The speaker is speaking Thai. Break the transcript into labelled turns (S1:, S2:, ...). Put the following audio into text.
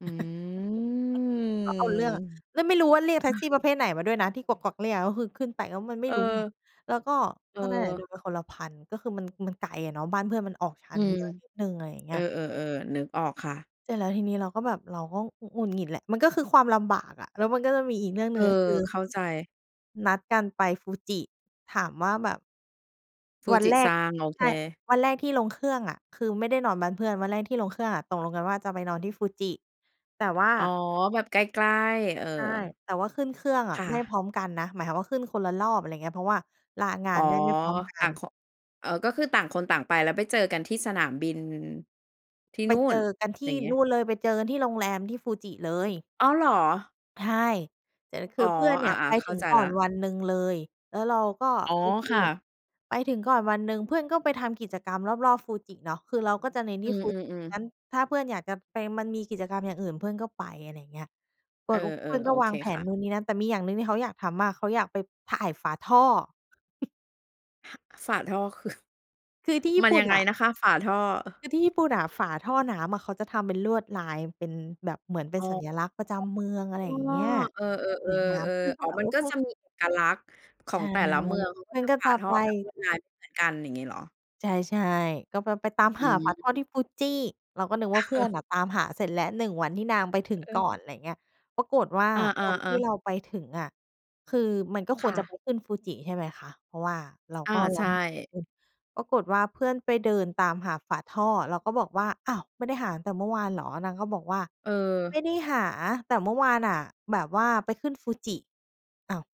S1: อื
S2: ก็เอาเรื่องอะ
S1: ม
S2: แล
S1: อ
S2: ้วไม่รู้ว่าเรียกแท็ก
S1: ะ
S2: ซี่
S1: ฮ
S2: ป
S1: ะ
S2: ระเภทไหนมาด้วยนะ ที่กวัก ๆ เรียก ก็คือขึ้นไปแล้วมันไม่
S1: เ
S2: รู้ไง
S1: ออ
S2: แล้วก็ ก็นั่นแหละ
S1: เออ
S2: โดนไปคนละ 1,000 ก็คือมัน มันไกลอะเนาะ บ้านเพื่อนมันออกชา
S1: อื
S2: นเม
S1: ม
S2: ืองนิดหนึ่ง อะไรอย่างเง
S1: เ
S2: ี
S1: อ
S2: ้
S1: อ
S2: ย
S1: ๆ ๆ นึกออกค่ะ
S2: เสร็จแล้วทีนี้เราก็แบบ เราก็ หงุ หงุดหงิดแหละ มันก็คือความลำบากอะ แล้วมันก็จะมีอีกเรื่อง
S1: เ
S2: ห
S1: อ
S2: นึ่
S1: อ
S2: ง ก็คือ
S1: เข้าใจ
S2: นัดกันไป Fuji ถามว่าแบบ วันแรก
S1: Fuji-san โอเ
S2: ใช่
S1: ค
S2: วันแรกที่ลงเครื่องอะ คือไม่ได้นอนบ้านเพื่อน วันแรกที่ลงเครื่องอะตกลงกันว่าจะไปนอนที่ Fuji แต่ว่า
S1: อ๋อ แบบใกล้ ๆ เออ
S2: ใช่ แต่ว่าขึ้นเครื่องอ
S1: ค
S2: ะ
S1: ่
S2: ไม่
S1: ะ
S2: พร้อมกันนะ หมายความว่าขึ้นคนละรอบ อะไรอย่างเงี้ย เพราะว่าลางา
S1: อ๋อ
S2: นได้ไม่พร้อมกั
S1: ต่า
S2: น
S1: งเคาะ เออ ก็คือต่างคนต่างไป แล้วไปเจอกันที่สนามบิน ที่
S2: ไป
S1: นู่
S2: เจ
S1: น
S2: อกันท
S1: อ
S2: ี
S1: ย่
S2: ่
S1: างเงี้
S2: น
S1: ย
S2: ู่นเลย ไปเจอกันที่โรงแรม ที่ Fuji เลย
S1: อ้าว เหรอ?
S2: ใช่ แต่ค
S1: อ
S2: ื
S1: ๋อ
S2: อเพื่อนเน
S1: อ
S2: ี่
S1: า
S2: ยไป
S1: ๆ เข้
S2: ถึ
S1: า
S2: ง
S1: ใจ
S2: ก่
S1: แล
S2: อ
S1: ้
S2: น
S1: ว
S2: วันหนึ่งเลย แล้วเราก็
S1: อ๋อ
S2: โอเค
S1: ค่ะ
S2: ไปถึงก่อนวันหนึ่ง เพื่อนก็ไปทำกิจกรรมรอบ ๆ Fuji เนาะ คือเราก็จะเน้น
S1: อ
S2: ท
S1: ื
S2: ี่ Fu
S1: อ
S2: ง
S1: ๆ ๆ
S2: ั้น ถ้าเพื่อนอยากจะไป มันมีกิจกรรมอย่างอื่นเพื่อนก็ไป อะไรอย่างเงี้ย เป
S1: เอ
S2: ิ
S1: อ
S2: ด อ เพื่อน
S1: ๆ โ
S2: ก็
S1: อ
S2: ว
S1: เค
S2: างแผ
S1: ค
S2: น
S1: ่ะ
S2: นู้น นี่ นั่น แต่มีอย่างหนึ่งที่เขาอยากทำมาก เขาอยากไปถ่ายฝาท่อ ฮ
S1: ฝาท่อ คือ
S2: คือที่ญี
S1: ม
S2: ่
S1: ัน
S2: ปุ
S1: ย
S2: ่
S1: ั
S2: น
S1: งไง
S2: น่ะ
S1: นะคะฝาท่อ?
S2: คือที่ญี่ปุ่นน่ะ ฝาท่อน้ำอะเขาจะทำเป็นลวดลายเป็นแบบ เหมือนเป็
S1: อ
S2: น
S1: อ
S2: สัญลักษณ์ประจำเมือง อะไร
S1: อ อ๋
S2: อย่างเ
S1: อ
S2: งี้ย
S1: เออ ๆ
S2: สวยงา
S1: ๆ เ
S2: ม
S1: ออ
S2: เพื่อนก็
S1: อ๋อ
S2: แบบ
S1: มั
S2: โ
S1: น
S2: อ้
S1: ก็
S2: โฮ
S1: จะมีเอกลักษณ์ขอ
S2: ใช
S1: ง
S2: ่
S1: แต่ละเมือง มันก็
S2: มัน
S1: จะ
S2: ก็
S1: ฝ
S2: จ
S1: า
S2: ะ
S1: ท่
S2: ไป
S1: อแบบลวดลายไม่เหมือนกัน อย่างงี้เหรอ?
S2: ใช่ ๆ ก็ไป ไปตาม
S1: อ
S2: หาฝาท่อ
S1: ืม
S2: ที่ Fuji เราก็นึกว่าเพื่อนน่ะตามหาเสร็จแล้ว 1 วันที่นางไปถึง
S1: เ
S2: ก่อ
S1: ออ
S2: น อะไรอย่างเงี้ย ปรากฏว่า
S1: อ
S2: วันที
S1: า
S2: ่เ
S1: ๆ ๆ
S2: ราไปถึงอะคือมันก็ค
S1: ค
S2: ว
S1: ่
S2: รจะ
S1: ะ
S2: ไปขึ้น Fuji ใช่ไหมคะ เพราะว่าเรา
S1: อา
S2: ก็ร
S1: ใช
S2: อให้เพื่อนไป
S1: ่
S2: ขึ้น ปรากฏว่าเพื่อนไปเดินตามหาฝาท่อ เราก็บอกว่า "อ้าว ไม่ได้หาตั้งแต่เมื่อวานเหรอ?" นางก็บอกว่า "ไม
S1: เออ
S2: ่ได้หา แต่เมื่อวานน่ะ แบบว่าไปขึ้น Fuji" อ้าว